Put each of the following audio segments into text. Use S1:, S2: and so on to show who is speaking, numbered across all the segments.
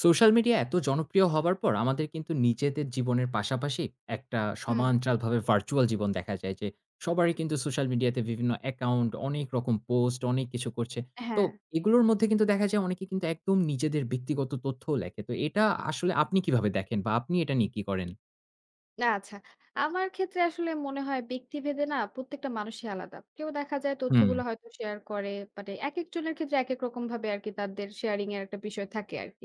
S1: Social media এত জনপ্রিয় হবার পর আমাদের কিন্তু নিজেদের জীবনের পাশাপাশি একটা
S2: হুম।
S1: সোমান্চালভাবে virtual জীবন দেখা যায় যে, সবারই কিন্তু social media তে বিভিন্ন account, অনেক রকম post, অনেক কিছু করছে। তো
S2: হ্যাঁ।
S1: এগুলোর মধ্যে কিন্তু দেখা যায় অনেকে কিন্তু একদম নিজেদের ব্যক্তিগত তথ্যও লেখে। তো এটা আসলে আপনি কিভাবে দেখেন বা আপনি এটা নিয়ে কি করেন?
S2: আ আচ্ছা। আমার ক্ষেত্রে আসলে মনে হয় ব্যক্তিভেদে না প্রত্যেকটা মানুষই আলাদা। কেউ দেখা যায় তথ্যগুলো
S1: হুম।
S2: হয়তো শেয়ার করে। মানে একেকজনের ক্ষেত্রে একেক রকমভাবে আরকি তাদের শেয়ারিংয়ের একটা বিষয় থাকে আরকি।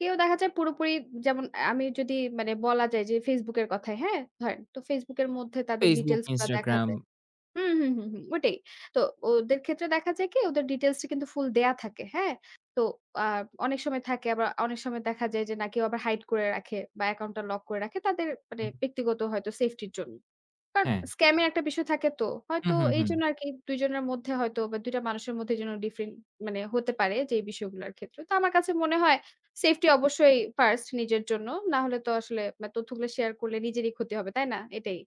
S2: কেউ দেখা যায় পুরোপুরি যেমন আমি যদি মানে বলা যায় যে Facebook এর কথাই, হ্যাঁ? ধরেন তো Facebook এর মধ্যে তাদের
S1: Facebook,
S2: details গুলা দেখা যায়।
S1: Instagram।
S2: উ হু, হু, হুম, ওটাই। তো ওদের ক্ষেত্রে দেখা যায় কি ওদের details টি কিন্তু full দেয়া থাকে, হ্যাঁ? তো আ অনেক সময় থাকে আবার অনেক সময় দেখা যায় যে না কেউ আবার hide করে রাখে বা account টা lock করে রাখে তাদের মানে
S1: হুম।
S2: ব্যক্তিগত হয়তো safety র জন্য। কারণ
S1: হ্যাঁ।
S2: scam এর একটা বিষয় থাকে তো। হয়তো
S1: হুম, হুম, হুম।
S2: এইজন্য আরকি ২ জনের মধ্যে হয়তো বা ২ টা মানুষের মধ্যে যেন different মানে হতে পারে যেই বিষয়গুলোর ক্ষেত্রে। তো আমার কাছে মনে হয় safety অবশ্যই first নিজের জন্য। না হলে তো আসলে মানে তথ্যগুলো share করলে নিজেরই ক্ষতি হবে। তাই না? এটাই,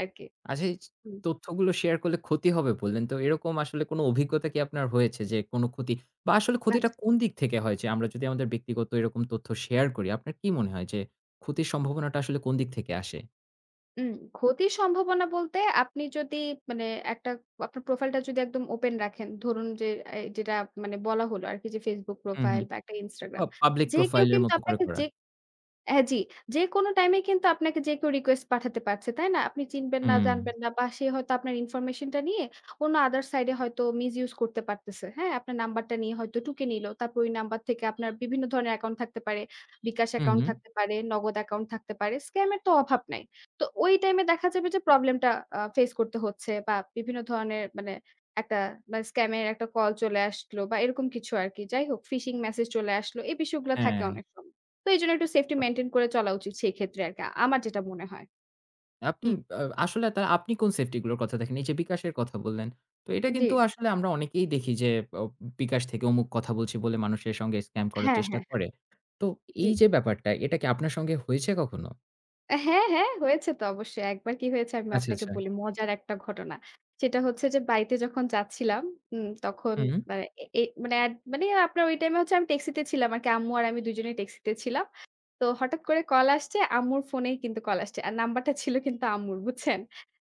S2: আরকি।
S1: আচ্ছা এই ছিচ
S2: হুম।
S1: তথ্যগুলো share করলে ক্ষতি হবে বললেন। তো এরকম আসলে কোন অভিজ্ঞতা কি আপনার হয়েছে যে কোন ক্ষতি বা আসলে
S2: আচ্ছা।
S1: ক্ষতিটা কোন দিক থেকে হয় যে আমরা যদি আমাদের ব্যক্তিগত এরকম তথ্য share করি, আপনার কি মনে হয় যে ক্ষতির সম্ভাবনাটা আসলে কোন দিক থেকে আসে?
S2: হুম। ক্ষতির সম্ভাবনা বলতে আপনি যদি মানে একটা আপনার profile টা যদি একদম open রাখেন, ধরুন যে, এই যেটা মানে বলা হলো আরকি যে Facebook
S1: হু, হু।
S2: profile বা একটা
S1: ও
S2: Instagram।
S1: public
S2: যে কেউ
S1: profile এর
S2: কিন্তু
S1: মতো করে
S2: আপনাকে
S1: করা।
S2: যে হ্যাঁ, জি। যেকোনো time এই কিন্তু আপনাকে যে কেউ request পাঠাতে পারছে, তাই না? আপনি চিনবেন না,
S1: হুম।
S2: জানবেন না বা সে হয়তো আপনার information টা নিয়ে অন্য other side এ হয়তো misuse করতে পারতেছে, হ্যাঁ? আপনার number টা নিয়ে হয়তো টুকে নিলো। তারপর ওই number থেকে আপনার বিভিন্ন ধরনের account থাকতে পারে, বিকাশ
S1: হু,
S2: account
S1: হু।
S2: থাকতে পারে, নগদ account থাকতে পারে। Scam এর তো অভাব নাই। তো ওই time এ দেখা যাবে যে problem টা আ face করতে হচ্ছে বা বিভিন্ন ধরনের মানে একটা মানে scam এর একটা call চলে আসলো বা এরকম কিছু আরকি। যাই হোক, phishing message চলে আসলো। এই বিষয়গুলো থাকে
S1: হ্যাঁ।
S2: অনেক সময়। তো এইজন্য একটু safety
S1: তা
S2: maintain করে চলা উচিত সেই ক্ষেত্রে আরকি, আমার যেটা মনে হয়।
S1: আপনি
S2: হুম।
S1: আ আসলে তা আপনি কোন safety গুলোর কথা দেখেন? এই যে বিকাশের কথা বললেন, তো এটা কিন্তু
S2: জি।
S1: আসলে আমরা অনেকেই দেখি যে ও বিকাশ থেকে অমুক কথা বলছে বলে মানুষের সঙ্গে scam করার
S2: হ্যাঁ, হ্যাঁ,
S1: চেষ্টা
S2: হ্যাঁ।
S1: করে। তো
S2: জি।
S1: এই যে ব্যাপারটা, এটা কি আপনার সঙ্গে হয়েছে কখনো?
S2: অ্যা হ্যাঁ, হ্যাঁ, হয়েছে তো অবশ্যই। একবার কি হয়েছে আমি
S1: আচ্ছা,
S2: আপনাকে
S1: আচ্ছা।
S2: বলি, মজার একটা ঘটনা। সেটা হচ্ছে যে বাড়িতে যখন যাচ্ছিলাম, হুম, তখন
S1: হুম।
S2: মানে এ মানে এড মানে আপনার ওই time এ হচ্ছে আমি ট্যাক্সিতে ছিলাম আরকি। আম্মু আর আমি দুজনেই ট্যাক্সিতে ছিলাম। তো হঠাৎ করে call আসছে আম্মুর phone এই কিন্তু call আসছে। আর number টা ছিল কিন্তু আম্মুর, বুঝছেন?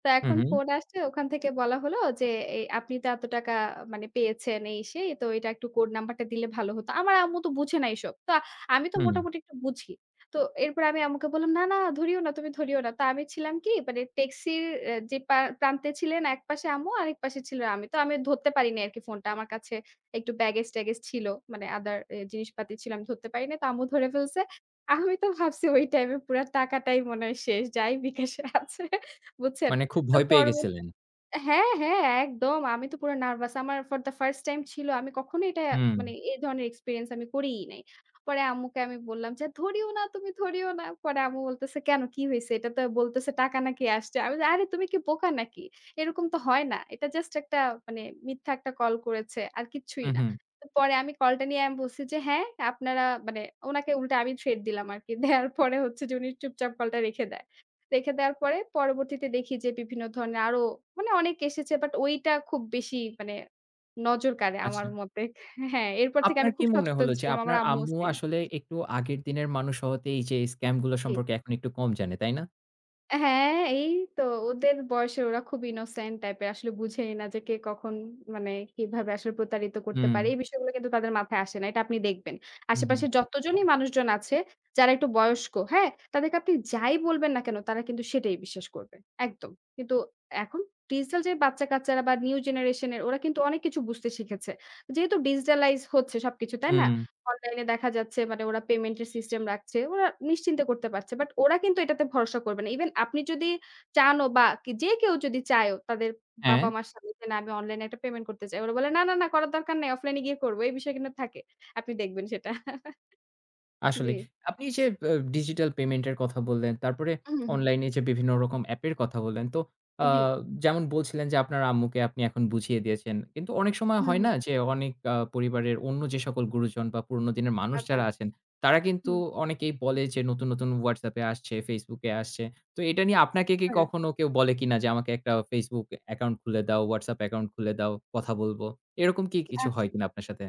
S2: তো
S1: হু,
S2: এখন
S1: হুম।
S2: phone আসছে ওখান থেকে বলা হলো যে "এ আপনি তো এত টাকা মানে পেয়েছেন এই সেই, তো এটা একটু code number টা দিলে ভালো হতো।" আমার আম্মু তো বোঝে না এসব। তো আমি তো
S1: হুম।
S2: মোটামুটি একটু বুঝি। তো এরপরে আমি আম্মুকে বললাম, "না, না, ধরিও না, তুমি ধরিও না।" তা আমি ছিলাম কি মানে ট্যাক্সির অ্যা যে পা প্রান্তে ছিলেন একপাশে আম্মু আরেকপাশে ছিলাম আমি। তো আমি ধরতে পারিনি আরকি phone টা, আমার কাছে একটু baggage ট্যাগেজ ছিল। মানে other এ জিনিসপাতি ছিল, আমি ধরতে পারিনি। তো আম্মু ধরে ফেলছে। আমি তো ভাবছি ওই time এ পুরা টাকাটাই মনে হয় শেষ, যাই বিকাশে আছে, বুঝছেন?
S1: মানে খুব
S2: তো
S1: ভয় পেয়ে
S2: পরবত
S1: গেছিলেন?
S2: হ্যাঁ, হ্যাঁ, একদম। আমি তো পুরা nervous। আমার for the first time ছিল, আমি কখনোই এটা
S1: হুম।
S2: মানে এই ধরনের experience আমি করিই নাই। পরে আম্মুকে আমি বললাম যে, "ধরিও না, তুমি ধরিও না।" পরে আম্মু বলতেছে, "কেন? কি হয়েছে? এটা তো বলতেছে টাকা নাকি আসছে।" আমি যে, আরে তুমি কি বোকা নাকি? এরকম তো হয় না। এটা just একটা মানে মিথ্যা একটা call করেছে। আর কিচ্ছুই
S1: হু,
S2: না।
S1: হু।
S2: পরে আমি call টা নিয়ে আমি বলছি যে, "হ্যাঁ, আপনারা মানে" ওনাকে উল্টা আমি threat দিলাম আরকি। দেয়ার পরে হচ্ছে যে উনি চুপচাপ call টা রেখে দেয়। রেখে দেয়ার পরে পরবর্তীতে দেখি যে বিভিন্ন ধরনের আরও মানে অনেক এসেছে। But ওইটা খুব বেশি মানে নজর কাড়ে আমার
S1: আচ্ছা।
S2: মতে। হ্যাঁ, এরপর থেকে
S1: আপনার
S2: আমি
S1: কি
S2: খুব
S1: মনে
S2: সচেতন
S1: হলো যে
S2: ছিলাম, আমার
S1: আপনার
S2: আম্মুও
S1: আম্মু
S2: সেম।
S1: আসলে
S2: জি।
S1: একটু আগের দিনের মানুষ হওয়াতে এই যে scam গুলো
S2: জি।
S1: সম্পর্কে এখন একটু কম জানে, তাই না?
S2: হ্যাঁ, এই তো। ওদের বয়সে ওরা খুব innocent type এর। আসলে বোঝেই না যে, কে কখন...মানে কিভাবে আসলে প্রতারিত করতে
S1: হুম।
S2: পারে। এই বিষয়গুলো কিন্তু তাদের মাথায় আসে না। এটা আপনি দেখবেন।
S1: হু, হুম।
S2: আশেপাশের যতজনই মানুষজন আছে যারা একটু বয়স্ক, হ্যাঁ? তাদেরকে আপনি যাই বলবেন না কেন তারা কিন্তু সেটাই বিশ্বাস করবে, একদম। কিন্তু এখন digital যে, বাচ্চাকাচ্চারা বা new generation এর ওরা কিন্তু অনেক কিছু বুঝতে শিখেছে। যেহেতু digitalize হচ্ছে সবকিছু, তাই না?
S1: উম।
S2: online এ দেখা যাচ্ছে মানে ওরা payment এর system রাখছে। ওরা নিশ্চিন্তে করতে পারছে। But ওরা কিন্তু এটাতে ভরসা করবে না। Even আপনি যদি চানও বা যে, কেউ যদি চায়ও তাদের
S1: হ্যাঁ।
S2: বাবা-মার সাথে যে, না আমি online এ একটা payment করতে চাই। ওরা বলে, "না, না, না, করার দরকার নাই। offline এ গিয়ে করব।" এই বিষয় কিন্তু থাকে। আপনি দেখবেন সেটা।
S1: আসলেই
S2: জি।
S1: আপনি যে, আ digital payment এর কথা বললেন তারপরে
S2: হু, হুম।
S1: online এ যে, বিভিন্ন রকম app এর কথা বললেন। তো
S2: জি।
S1: আ-যেমন বলছিলেন যে, আপনার আম্মুকে আপনি এখন বুঝিয়ে দিয়েছেন। কিন্তু অনেক সময়
S2: হুম,
S1: হয় না
S2: হুম।
S1: যে, অনেক আ-পরিবারের অন্য যে, সকল গুরুজন বা পুরনো দিনের মানুষ
S2: আচ্ছা।
S1: যারা আছেন তারা কিন্তু
S2: হুম।
S1: অনেকেই বলে যে, নতুন, নতুন WhatsApp এ আসছে, Facebook এ আসছে। তো এটা নিয়ে আপনাকে কি
S2: হ্যাঁ।
S1: কখনো কেউ বলে কিনা যে, আমাকে একটা Facebook account খুলে দাও, WhatsApp account খুলে দাও কথা বলব। এরকম কি কিছু হয়
S2: আচ্ছা।
S1: কিনা আপনার সাথে।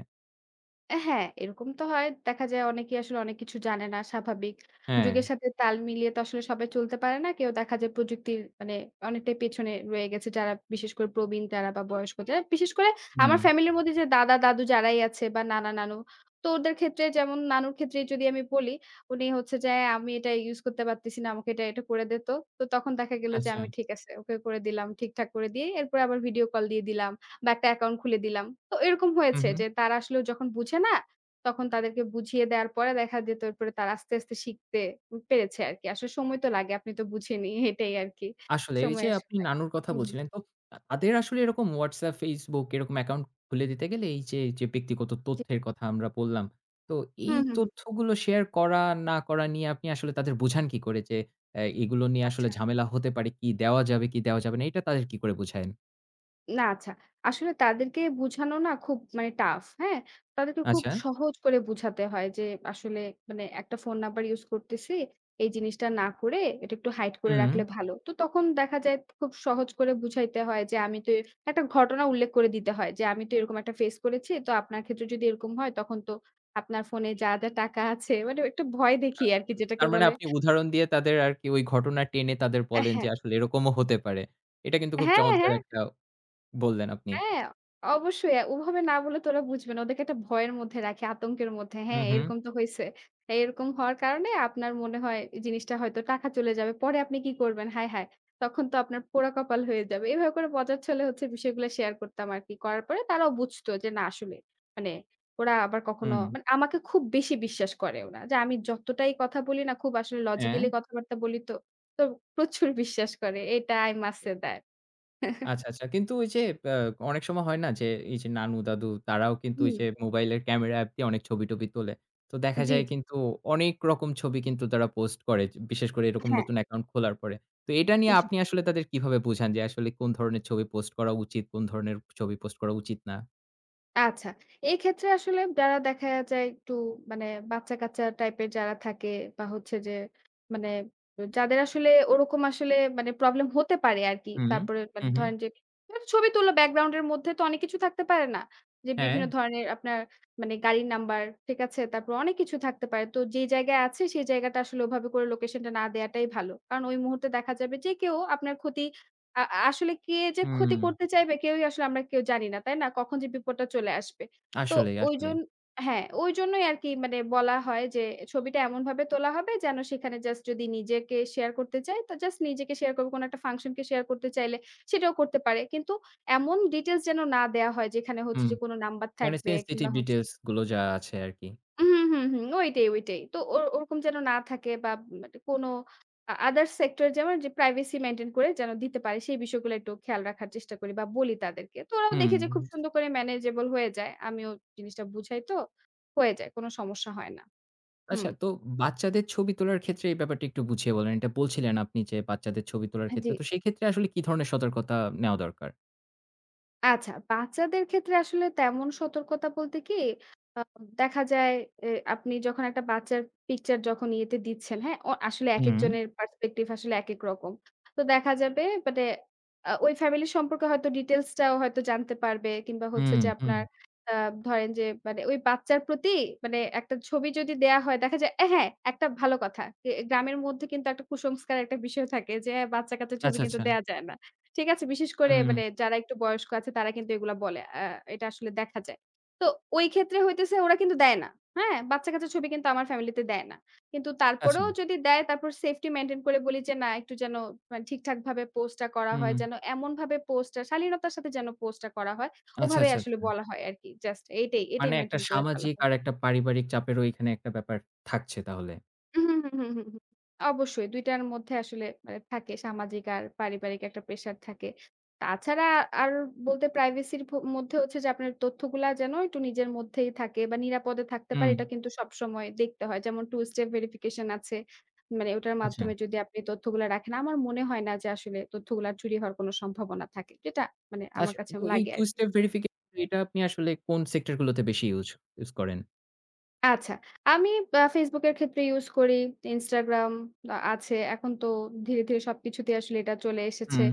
S2: অ্যা হ্যাঁ, এইরকম তো হয়। দেখা যায় অনেকেই আসলে অনেক কিছু জানে না, স্বাভাবিক। যুগের
S1: হ্যাঁ।
S2: সাথে তাল মিলিয়ে তো আসলে সবাই চলতে পারে না। কেউ দেখা যায় প্রযুক্তির মানে অনেকটাই পেছনে রয়ে গেছে যারা, বিশেষ করে প্রবীণ তাঁরা বা বয়স্ক যারা। বিশেষ করে আমার
S1: হুম।
S2: ফ্যামিলির মধ্যে যে দাদা-দাদু যারাই আছে বা নানা-নানু, তো ওদের ক্ষেত্রে যেমন নানুর ক্ষেত্রেই যদি আমি বলি, উনি হচ্ছে যে "অ্যা আমি এটা use করতে পারতেছি না। আমাকে এটা এটু করে দে তো।" তো তখন দেখা গেল যে
S1: আচ্ছা।
S2: আমি ঠিক আছে ওকে করে দিলাম। ঠিকঠাক করে দিয়ে এরপরে আবার video call দিয়ে দিলাম বা একটা account খুলে দিলাম। তো এরকম
S1: হুম,
S2: হয়েছে
S1: হুম।
S2: যে তারা আসলে যখন বুঝে না, তখন তাদেরকে বুঝিয়ে দেয়ার পরে দেখা যেত এরপরে তারা আস্তে, আস্তে শিখতে উম পেরেছে আরকি। আসলে সময় তো লাগে। আপনি তো বুঝেনই, এটাই আরকি।
S1: আসলেই এই
S2: সময়
S1: যে
S2: আসলে
S1: আপনি নানুর কথা
S2: হুম, হুম।
S1: বলছিলেন তো আ তাদের আসলে এরকম WhatsApp, Facebook এরকম account খুলে দিতে গেলে এই যে, যে ব্যক্তিগত
S2: জি।
S1: তথ্যের কথা আমরা বললাম। তো এই
S2: হুম, হুম, হুম।
S1: তথ্যগুলো share করা না করা নিয়ে আপনি আসলে তাদের বুবোঝান কি করে যে অ্যা এগুলো নিয়ে আসলে
S2: আচ্ছা।
S1: ঝামেলা হতে পারে, কি দেওয়া যাবে কি দেওয়া যাবে না এইটা তাদের কি করে বুঝায়েন?
S2: না, আচ্ছা। আসলে তাদেরকে বুঝানো না খুব মানে tough, হ্যাঁ? তাদেরকে খুব
S1: আচ্ছা।
S2: সহজ করে বুঝাতে হয় যে "আসলে মানে একটা phone number use করতেছি। এই জিনিসটা না করে এটা একটু হাইট করে
S1: হুম।
S2: রাখলে ভালো।" তো তখন দেখা যায় খুব সহজ করে বুঝাইতে হয় যে আমি তো এর একটা ঘটনা উল্লেখ করে দিতে হয় যে আমি তো এরকম একটা face করেছি। তো আপনার ক্ষেত্রে যদি এরকম হয় তখন তো আপনার phone এ যা, যা টাকা আছে মানে একটু ভয়
S1: আ
S2: দেখিয়ে আরকি যেটাকে
S1: তার মানে
S2: বলে।
S1: আপনি উদাহরণ দিয়ে তাদের আর কি ওই ঘটনা টেনে তাদের
S2: অ্যা
S1: বলেন যে
S2: হ্যাঁ।
S1: আসলে এরকমও হতে পারে। এটা কিন্তু খুব
S2: হ্যাঁ,
S1: চমৎকার
S2: হ্যাঁ।
S1: একটা বললেন আপনি।
S2: হ্যাঁ, অবশ্যই। অ্যা ওভাবে না বললে তো ওরা বুঝবেনা। ওদেরকে একটা ভয়ের মধ্যে রাখে, আতঙ্কের মধ্যে।
S1: হুম,
S2: হ্যাঁ,
S1: হুম।
S2: "এইরকম তো হইছে। এইরকম হওয়ার কারণে আপনার মনে হয় জিনিসটা হয়তো টাকা চলে যাবে। পরে আপনি কী করবেন? হায়, হায়! তখন তো আপনার পোড়া কপাল হয়ে যাবে।" এভাবে করে মজাচ্ছলে হচ্ছে বিষয়গুলা শেয়ার করতাম আর কি। করার পরে তারাও বুঝতো যে না আসলে মানে ওরা আবার কখনো
S1: হুম।
S2: মানে আমাকে খুব বেশি বিশ্বাস করে ওনারা। যা আমি যতটাই কথা বলি না খুব আসলে লজিক্যালি
S1: হ্যাঁ।
S2: কথাবার্তা বলি তো, তো প্রচুর বিশ্বাস করে। এটা i must say that.
S1: আচ্ছা, আচ্ছা। কিন্তু ওই যে অ্যা অনেক সময় হয় না যে এই যে নানু-দাদু তারাও কিন্তু ওই
S2: হুম।
S1: যে মোবাইলের ক্যামেরা অ্যাপ দিয়ে অনেক ছবি টবি তোলে। তো দেখা
S2: জি,
S1: যায়
S2: জি।
S1: কিন্তু অনেক রকম ছবি কিন্তু তারা পোস্ট করে। য বিশেষ করে এরকম
S2: হ্যাঁ।
S1: নতুন অ্যাকাউন্ট খোলার পরে। তো এইটা নিয়ে
S2: জি।
S1: আপনি আসলে তাদের কিভাবে বুঝান যে আসলে কোনো ধরনের ছবি পোস্ট করা উচিত, কোনো ধরনের ছবি পোস্ট করা উচিত না?
S2: আচ্ছা, এইক্ষেত্রে আসলে যারা দেখা যায়, একটু মানে বাচ্চাকাচ্চা টাইপের যারা থাকে, বা হচ্ছে যে, মানে, যাদের আসলে ওরকম আসলে মানে প্রব্লেম হতে পারে আরকি।
S1: হু, হুম।
S2: তারপরে
S1: হু, হুম।
S2: ধরেন যে, একটা ছবি তুললো, ব্যাকগ্রাউন্ড এর মধ্যে তো অনেক কিছু থাকতে পারে, না? যে, বিভিন্ন
S1: হ্যাঁ।
S2: ধরনের আপনার মানে গাড়ির নাম্বার, ঠিক আছে? তারপর, অনেক কিছু থাকতে পারে। তো যে, জায়গায় আছে সে জায়গাটা আসলে ওভাবে করে লোকেশন টা না দেয়াটাই ভালো। কারণ ওই মুহূর্তে দেখা যাবে যে, কেউ আপনার ক্ষতি, আ আসলে কে যে, ক্ষতি
S1: হুম।
S2: করতে চাইবে, কেউই আসলে আমরা কেউ জানিনা, তাই না? কখন যে, বিপদটা চলে আসবে। তো,
S1: আসলেই, আসলেই।
S2: ওইজন হ্যাঁ, ওইজন্যই আরকি মানে বলা হয় যে, ছবিটা এমনভাবে তোলা হবে যেন, সেখানে জাস্ট যদি নিজেকে শেয়ার করতে চায় তো, জাস্ট নিজেকে শেয়ার করবে। কোন একটা ফাংশনকে শেয়ার করতে চাইলে, সেটাও করতে পারে। কিন্তু এমন ডিটেইলস যেন না দেয়া হয় যেখানে হচ্ছে
S1: হুম।
S2: যে, কোন নাম্বার
S1: মানে,
S2: থাকবে
S1: সেনসিটিভ
S2: কিংবা হচ্ছে
S1: ডিটেইলস গুলো যা আছে আরকি।
S2: হুম, হুম, হুম, হুম। ওইটাই, ওইটাই। তো ও ওরকম যেন না থাকে, বা মানে কোন আদার সেক্টর যেমন যে, প্রাইভেসি মেইনটেইন করে যেন দিতে পারে, সেই বিষয়গুলো একটু খেয়াল রাখার চেষ্টা করি বা বলি তাদেরকে। তো ওরাও দেখে যে, খুব
S1: হুম।
S2: সুন্দর করে ম্যানেজেবল হয়ে যায়। আমিও জিনিসটা বুঝাই তো। হয়ে যায়, কোন সমস্যা হয় না।
S1: আচ্ছা
S2: হুম।
S1: তো, বাচ্চাদের ছবি তোলার ক্ষেত্রে এই ব্যাপারটি, একটু বুঝিয়ে বলেন। এটা বলছিলেন আপনি যে, বাচ্চাদের ছবি তোলার
S2: হ্যা।
S1: ক্ষেত্রে।
S2: জ্বী।
S1: তো, সেই ক্ষেত্রে, আসলে কি ধরনের সতর্কতা নেওয়া দরকার?
S2: আচ্ছা বাচ্চাদের ক্ষেত্রে আসলে তেমন সতর্কতা বলতে কি? আ দেখা যায় এ আপনি যখন একটা বাচ্চার picture যখন ইয়েতে দিচ্ছেন, হ্যাঁ? অ আসলে
S1: হুম।
S2: একেকজনের perspective আসলে একেক রকম। তো দেখা যাবে মানে আ ওই family সম্পর্কে হয়তো details টাও হয়তো জানতে পারবে। কিংবা হচ্ছে
S1: হুম,
S2: যে
S1: হুম।
S2: আপনার অ্যা ধরেন যে মানে ওই বাচ্চার প্রতি মানে একটা ছবি যদি দেয়া হয় দেখা যায়, হ্যাঁ, একটা ভালো কথা। এ গ্রামের মধ্যে কিন্তু একটা কুসংস্কার একটা বিষয় থাকে যে বাচ্চাকাচ্চার ছবি
S1: আচ্ছা,
S2: কিন্তু
S1: আচ্ছা।
S2: দেয়া যায় না, ঠিক আছে? বিশেষ করে
S1: হুম।
S2: মানে যারা একটু বয়স্ক আছে তারা কিন্তু এগুলা বলে। আ এটা আসলে দেখা যায়। তো ওই ক্ষেত্রে হইতেছে ওরা কিন্তু দেয় না, হ্যাঁ? বাচ্চাকাচ্চার ছবি কিন্তু আমার family তে দেয় না। কিন্তু
S1: আচ্ছা।
S2: তারপরেও যদি দেয়, তারপর safety maintain করে বলি যে না একটু যেন মানে ঠিকঠাকভাবে post টা করা হয়।
S1: হুম।
S2: যেন এমনভাবে post টা শালীনতার সাথে যেন post টা করা হয়,
S1: আচ্ছা,
S2: ওভাবেই
S1: আচ্ছা,
S2: আসলে
S1: আচ্ছা।
S2: বলা হয় আরকি। Just এইটাই,
S1: মানে
S2: এইটাই
S1: একটা
S2: maintain করে চলা
S1: সামাজিক
S2: হয়।
S1: আর একটা পারিবারিক চাপের ওইখানে একটা ব্যাপার থাকছে তাহলে।
S2: হুম, হুম, হুম, হুম, হুম। অবশ্যই ২ টার মধ্যে আসলে মানে থাকে সামাজিক আর পারিবারিক একটা pressure থাকে। তাছাড়া আর বলতে privacy র ভ মধ্যে হচ্ছে যে আপনার তথ্যগুলা যেন একটু নিজের মধ্যেই থাকে বা নিরাপদে থাকতে পারে
S1: হুম।
S2: এটা কিন্তু সবসময় দেখতে হয়। যেমন 2 step verification আছে। মানে ওটার
S1: আচ্ছা।
S2: মাধ্যমে যদি আপনি তথ্যগুলা রাখেন আমার মনে হয় না যে আসলে তথ্যগুলা চুরি হওয়ার কোন সম্ভাবনা থাকে। যেটা মানে আমার
S1: আচ্ছা
S2: কাছে
S1: তো এই
S2: লাগে
S1: 2
S2: আরকি।
S1: step verification এটা আপনি আসলে কোন সেক্টরগুলোতে বেশি ইউজ use করেন?
S2: আচ্ছা, আমি বা Facebook এর ক্ষেত্রে use করি। Instagram আ-আছে। এখন তো ধীরে, ধীরে সবকিছুতেই আসলে এটা চলে এসেছে।
S1: হুউম।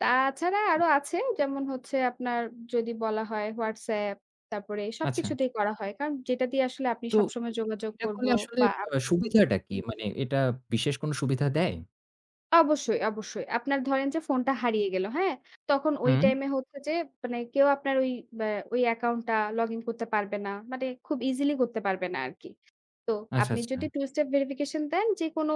S2: তা-ছাড়া
S1: হু।
S2: আরও আছে যেমন হচ্ছে আপনার যদি বলা হয় WhatsApp তারপরে
S1: আচ্ছা।
S2: সবকিছুতেই করা হয়। কারণ, যেটা দিয়ে আসলে আপনি
S1: তো,
S2: সবসময় যোগাযোগ
S1: এটা
S2: করব
S1: করলে আসলে
S2: বা হুম, হুম।
S1: সুবিধাটা কি? মানে এটা বিশেষ কোন সুবিধা দেয়?
S2: অবশ্যই, অবশ্যই। আপনার ধরেন যে ফোনটা হারিয়ে গেল, হ্যাঁ? তখন ওই
S1: হুম।
S2: time এ হচ্ছে যে, মানে কেউ আপনার ওই, আ ওই account টা login করতে পারবে না। মানে খুব easily করতে পারবে না আরকি। তো,
S1: আচ্ছা,
S2: আপনি যদি
S1: আচ্ছা।
S2: two step verification দেন যেকোনো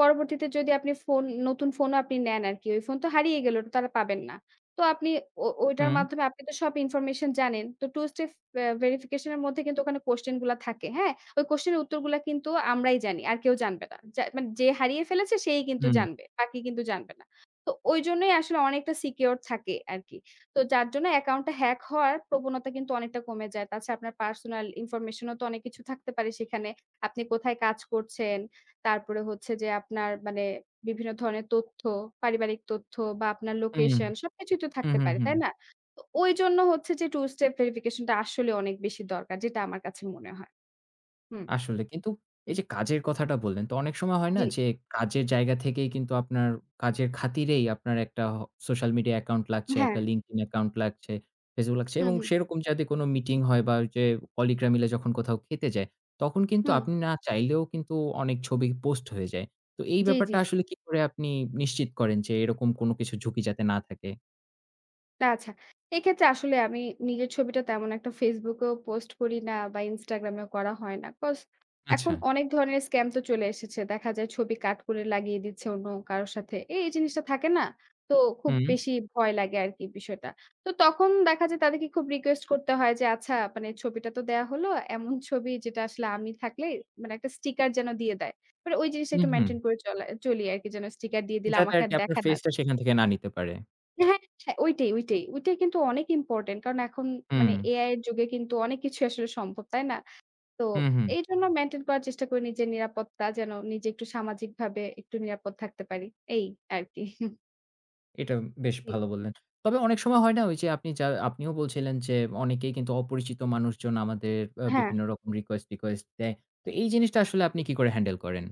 S2: পরবর্তীতে যদি আপনি ফোন, নতুন ফোনও আপনি নেন আরকি। ওই ফোন তো হারিয়ে গেল। ওটা তো আর পাবেন না। তো আপনি ও ওইটার
S1: হুম।
S2: মাধ্যমে আপনি তো সব information জানেন। তো two step আ verification -এর মধ্যে কিন্তু ওখানে question গুলা থাকে, হ্যাঁ? ওই question -এর উত্তরগুলো কিন্তু আমরাই জানি আর কেউ জানবে না। যা মানে যে হারিয়ে ফেলেছে সেই কিন্তু
S1: হু, হু।
S2: জানবে। আর কেউ কিন্তু জানবে না। তো, ওইজন্যই আসলে অনেকটা secure থাকে আরকি। তো যার জন্য account -টা hack হওয়ার প্রবণতা কিন্তু অনেকটা কমে যায়। তাছাড়া আপনার personal information -ও তো অনেক কিছু থাকতে পারে সেখানে। আপনি কোথায় কাজ করছেন, তারপরে হচ্ছে যে আপনার মানে বিভিন্ন ধরনের তথ্য, পারিবারিক তথ্য বা আপনার
S1: হুম।
S2: location সবকিছুই তো
S1: হু,
S2: থাকতে
S1: হু,
S2: পারে।
S1: হু।
S2: তাই না? তো ওইজন্য হচ্ছে যে two step verification -টা আসলে অনেক বেশি দরকার যেটা আমার কাছে মনে হয়। হুম।
S1: আসলে কিন্তু, এই যে কাজের কথাটা বললেন তো অনেক সময় হয় না
S2: জ্বী।
S1: যে, কাজের জায়গা থেকেই কিন্তু আপনার কাজের খাতিরেই আপনার একটা আ social media account লাগছে,
S2: হ্যাঁ।
S1: একটা LinkedIn account লাগছে, Facebook লাগছে।
S2: হুম,
S1: এবং
S2: হুম।
S1: সেরকম যাতে কোন meeting হয় বা ওই যে কলিগ -রা মিলে যখন কোথাও খেতে যায়। তখন কিন্তু
S2: হুম।
S1: আপনি না চাইলেও কিন্তু অনেক ছবি post হয়ে যায়। তো এই
S2: জ্বী,
S1: ব্যাপারটা
S2: জ্বী।
S1: আসলে কি করে আপনি নিশ্চিত করেন যে, এরকম কোন কিছুর ঝুঁকি যাতে না থাকে।
S2: তা আচ্ছা। এক্ষেত্রে আসলে আমি নিজের ছবিটা তেমন একটা Facebook এও post করি না বা Instagram এও করা হয় না। Cause এখন
S1: আচ্ছা।
S2: অনেক ধরনের scam তো চলে এসেছে। দেখা যায় ছবি cut করে লাগিয়ে দিচ্ছে অন্য কারো সাথে। এ এই জিনিসটা থাকে না? তো খুব
S1: হুম।
S2: বেশি ভয় লাগে আরকি বিষয়টা। তো তখন দেখা যায় তাদেরকে খুব request করতে হয় যে আচ্ছা মানে ছবিটা তো দেয়া হলো, এমন ছবি যেটা আসলে আমি থাকলে মানে একটা sticker যেন দিয়ে দেয়। মানে ওই জিনিসটা
S1: উ
S2: একটু
S1: হুম।
S2: maintain করে চলে চলি আরকি, যেন sticker দিয়ে দিলে
S1: যাতে
S2: আমাকে
S1: আরকি
S2: আর
S1: আপনার
S2: দেখা না
S1: face টা
S2: যায়।
S1: সেখান থেকে না নিতে পারে।
S2: হ্যাঁ, হ্যাঁ, ওইটাই, ওইটাই। ওইটাই কিন্তু অনেক important। কারণ এখন মানে
S1: হুম।
S2: AI এর যুগে কিন্তু অনেক কিছুই আসলে সম্ভব, তাই না? তো
S1: হুম, হুম।
S2: এইজন্য maintain করার চেষ্টা করি নিজের নিরাপত্তা যেন নিজে একটু সামাজিকভাবে একটু নিরাপদ থাকতে পারি। এই আরকি।
S1: এটা বেশ
S2: জি।
S1: ভালো বললেন। তবে অনেক সময় হয় না ওই যে আপনি যা আপনিও বলছিলেন যে অনেকেই কিন্তু অপরিচিত মানুষজন আমাদের এ
S2: হ্যাঁ।
S1: বিভিন্ন রকম request-টিকোয়েস্ট দেয়। তো এই জিনিসটা আসলে আপনি কি করে handle করেন?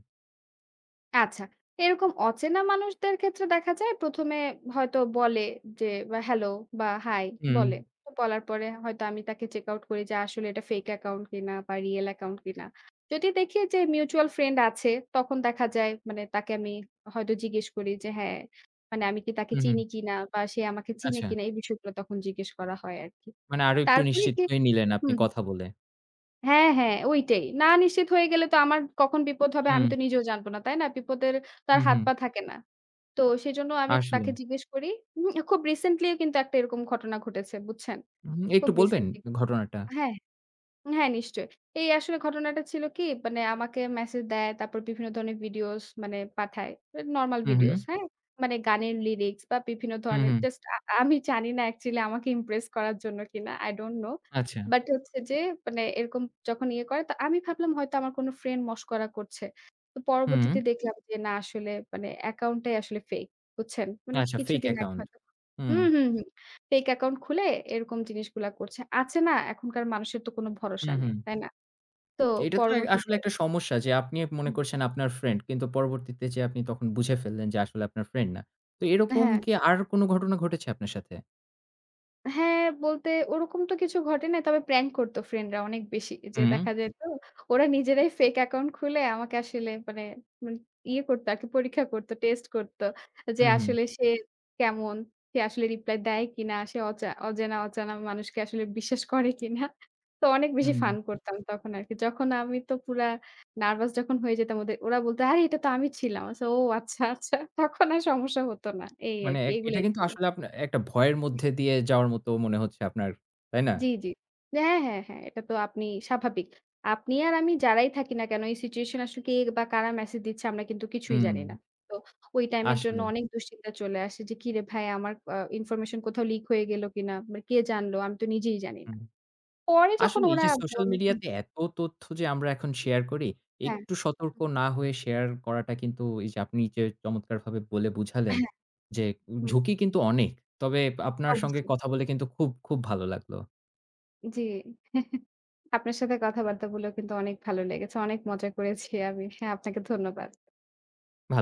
S2: আচ্ছা। এরকম অচেনা মানুষদের ক্ষেত্রে দেখা যায় ১ম এ হয়তো বলে যে এ Hello বা Hi বলে।
S1: উম
S2: তো বলার পরে হয়তো আমি তাকে check out করি যে আসলে এটা fake account কিনা বা real account কিনা। যদি দেখি যে mutual friend আছে, তখন দেখা যায় মানে তাকে আমি হয়তো জিজ্ঞেস করি যে হ্যাঁ মানে আমি কি তাকে
S1: হু,
S2: চিনি
S1: হুম।
S2: কিনা বা সে আমাকে চিনে
S1: আচ্ছা।
S2: কিনা? এই বিষয়গুলো তখন জিজ্ঞেস করা হয় আরকি।
S1: মানে আরো একটু
S2: তারপরে
S1: নিশ্চিত
S2: গিয়ে
S1: হয়ে নিলেন আপনি
S2: হুম।
S1: কথা বলে।
S2: হ্যাঁ, হ্যাঁ ঐটাই। না নিশ্চিত হয়ে গেলে তো আমার কখন বিপদ হবে আমি
S1: হুম।
S2: তো নিজেও জানবো না, তাই না? বিপদের তো আর
S1: হুম,
S2: হাত
S1: হুম।
S2: পা থাকে না। তো সেজন্য আমি
S1: আসলে।
S2: তাকে জিজ্ঞেস করি। উম খুব recently কিন্তু একটা এরকম ঘটনা ঘটেছে বুঝছেন?
S1: উম একটু
S2: খুব
S1: বলবেন
S2: recently ঘটেছে।
S1: ঘটনাটা?
S2: হ্যাঁ, হ্যাঁ, নিশ্চয়ই। এই আসলে ঘটনাটা ছিল কি মানে আমাকে message দেয়, তারপর বিভিন্ন ধরনের videos মানে পাঠায়, normal
S1: হুম,
S2: videos,
S1: হুম।
S2: হ্যাঁ? মানে গানের lyrics বা বিভিন্ন
S1: হুম,
S2: ধরনের
S1: হুম।
S2: just আ আমি জানিনা actually আমাকে impress করার জন্য কিনা? don't know।
S1: আচ্ছা।
S2: But হচ্ছে যে মানে এরকম যখন ইয়ে করে তো আমি ভাবলাম হয়তো আমার কোন friend মশকরা করছে। তো
S1: হুম।
S2: পরবর্তীতে দেখলাম যে না আসলে মানে account টাই আসলে fake, বুঝছেন? মানে
S1: আচ্ছা fake
S2: কিছুদিন আগে
S1: account
S2: হয়তো
S1: হুম।
S2: হুম, হুম, হুম fake account খুলে এরকম জিনিসগুলা করছে। আছে না এখনকার মানুষের তো কোন
S1: হুম,
S2: ভরসা নেই,
S1: হুম।
S2: তাই না? তো
S1: এটা তো এ
S2: পরবর্তীতে।
S1: আসলে একটা সমস্যা যে আপনি মনে
S2: হুম।
S1: করছেন আপনার friend, কিন্তু পরবর্তীতে যে আপনি তখন বুঝে ফেললেন যে আসলে আপনার friend না। তো এরকম
S2: হ্যাঁ।
S1: কি আর কোন ঘটনা ঘটেছে আপনার সাথে?
S2: হ্যাঁ, বলতে ওরকম তো কিছু ঘটে নাই তবে prank করতো friend রা অনেক বেশি। যে
S1: হুম।
S2: দেখা যেত ওরা নিজেরাই fake account খুলে আমাকে আসলে মানে উম ইয়ে করতো আরকি, আমাকে পরীক্ষা করতো, test করতো যে
S1: হুম, হুম।
S2: আসলে সে কেমন? সে আসলে reply দেয় কিনা? সে অচে অজানা অচেনা মানুষকে আসলে বিশ্বাস করে কিনা? তো অনেক বেশি
S1: হুম।
S2: fun করতাম তখন আরকি। যখন আমি তো পুরা nervous যখন হয়ে যেতাম ওদের ওরা বলত "আরে এটা তো আমি ছিলাম।" ও আচ্ছা আচ্ছা তখন আর সমস্যা হতো না। এই
S1: মানে
S2: আরকি,
S1: এক এটা
S2: এইগুলাই
S1: কিন্তু
S2: ছিল।
S1: আসলে আপনার এ একটা ভয়ের
S2: হুম।
S1: মধ্যে দিয়ে যাওয়ার মতো মনে হচ্ছে আপনার, তাই না?
S2: জি, জি। হ্যাঁ, হ্যাঁ, হ্যাঁ এটা তো আপনি স্বাভাবিক। আপনি আর আমি যারাই থাকি না কেন এই situation আসুক কে বা কারা message দিচ্ছে আমরা কিন্তু কিছুই জানি
S1: হুম।
S2: না। তো ওই time এর জন্য
S1: আসলেই।
S2: অনেক দুশ্চিন্তা চলে আসে যে কিরে ভাই আমার অ information কোথাও leak হয়ে গেল কিনা? মানে কে জানলো? আমি তো নিজেই জানি না।
S1: হুম।
S2: পরে যখন
S1: আসলে এই
S2: ওরা
S1: যে social
S2: বলে
S1: media
S2: হুম।
S1: তে এত তথ্য যে আমরা এখন share করি,
S2: হ্যাঁ।
S1: একটু সতর্ক না হয়ে share করাটা কিন্তু এই যে আপনি যে চমৎকারভাবে বলে বুঝালেন
S2: হ্যাঁ।
S1: যে
S2: হুম।
S1: ঝুঁকি কিন্তু অনেক। তবে আপনার সঙ্গে
S2: অবশ্যই।
S1: কথা বলে কিন্তু খুব, খুব ভালো লাগলো।
S2: জি। আপনার সাথে কথাবার্তাগুলো কিন্তু অনেক ভালো লেগেছে। অনেক মজা করেছি আমি। হ্যাঁ আপনাকে ধন্যবাদ।
S1: ভাল